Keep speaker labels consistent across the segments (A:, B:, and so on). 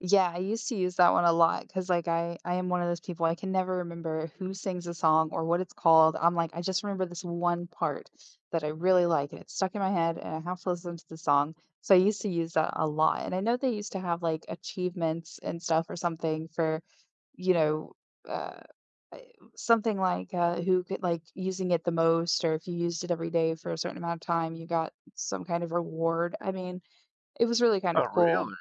A: Yeah, I used to use that one a lot 'cause, like, I I am 1 of those people, I can never remember who sings a song or what it's called, I'm, like, I just remember this one part that I really like, and it's stuck in my head, and I have to listen to the song. So, I used to use that a lot, and I know they used to have, like, achievements and stuff or something for, you know, uh, uh, something, like, uh, who could like, using it the most or if you used it every day for a certain amount of time, you got some kind of reward, I mean, it was really kind of
B: Oh,
A: cool.
B: really?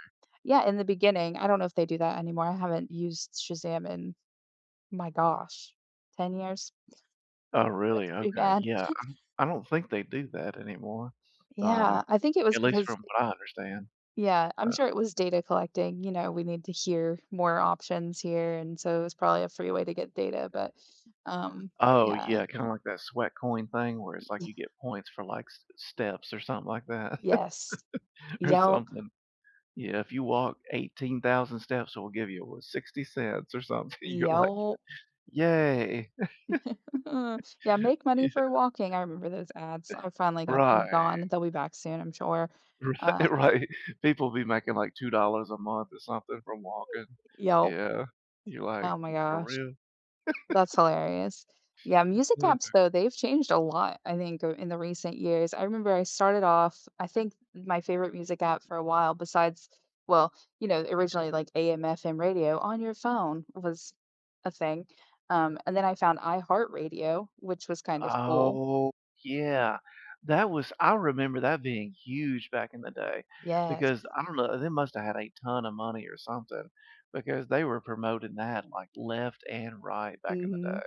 A: Yeah, in the beginning, I don't know if they do that anymore, I haven't used Shazam in my gosh, 10 years.
B: Oh, really?
A: That's pretty
B: Okay,
A: bad.
B: yeah, um, I don't think they do that anymore, um,
A: Yeah, I think it was
B: at least
A: because,
B: from
A: eh
B: what I understand.
A: Yeah, I'm
B: Uh
A: sure it was data collecting. You know, we need to hear more options here, and so, it was probably a free way to get data, but, um,
B: Oh,
A: yeah.
B: yeah, kinda like that sweat coin thing where it's,
A: Y
B: like,
A: Yeah.
B: you get points for, like, s steps or something like that
A: Yes.
B: or
A: Yelp.
B: something. Yeah, if you walk 18,000 steps, it will give you wh 60 cents or something. You're, like, y
A: Yelp.
B: yay.
A: Yeah, make money
B: Yeah.
A: for walking, I remember those ads, I finally got them
B: Right.
A: gone, they'll be back soon, I'm sure.
B: Ri
A: Uh
B: right. People be making, like, $2 a month or something from walking.
A: Yelp.
B: Yeah. You're, like,
A: Oh my
B: for
A: gosh.
B: real?
A: That's hilarious. Yeah, music apps
B: [unintelligible]
A: though, they've changed a lot, I think, uh, in the recent years, I remember I started off I think my favorite music app for a while besides well, you know, originally like AM/FM radio on your phone was a thing. Um, and then I found iHeartRadio, which was kind of cool.
B: Oh, yeah. That was I remember that being huge back in the day
A: Yes.
B: because, I don't know, they must have had a ton of money or something because they were promoting that, like, left and right back in the
A: Mhm.
B: day.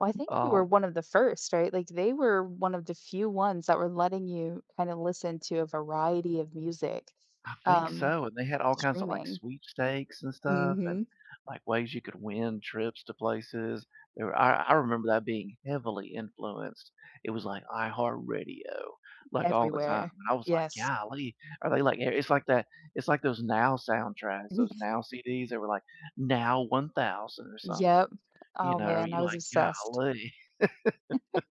A: Well, I think they were
B: Um
A: 1 of the 1st right? Like, they were 1 of the few ones that were letting you kinda listen to a variety of music,
B: I think
A: um,
B: so, and they had all kinds of, like,
A: streaming.
B: sweepstakes and stuff and,
A: Mhm.
B: like, ways you could win trips to places. There I I remember that being heavily influenced. It was, like, iHeartRadio, like, all the time.
A: Everywhere.
B: And I was, like,
A: Yes.
B: golly. Are they like i it's, like, that it's, like, those Now soundtracks,
A: Yeah.
B: those Now CDs that were, like, Now 1,000 or something,
A: Yep.
B: you
A: Oh,
B: know?
A: man.
B: You're,
A: I was
B: like,
A: obsessed.
B: golly.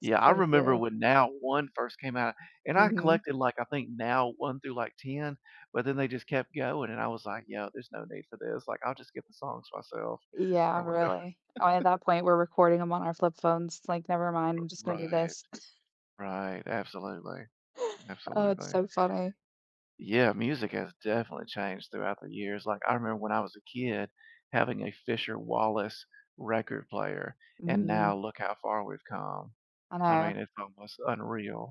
B: Yeah. I
A: So
B: remember
A: true.
B: when Now 1 first came out, and I
A: Mhm.
B: collected, like, I think Now 1 through, like, 10, but then they just kept going, and I was, like, "Yeah. There's no need for this. Like, I'll just get the songs myself or
A: Yeah,
B: whatever."
A: really. Oh, at that point, we're recording them on our flip phones, it's, like, never mind,
B: Uh,
A: I'm just gonna do
B: right.
A: this.
B: Right, absolutely.
A: Oh, it's
B: Absolutely.
A: so funny.
B: Yeah. Music has definitely changed throughout the years, like, I remember when I was a kid having a Fisher Wallace record player, and now
A: Mhm.
B: look how far we've come.
A: I
B: I
A: know.
B: mean, it's almost unreal.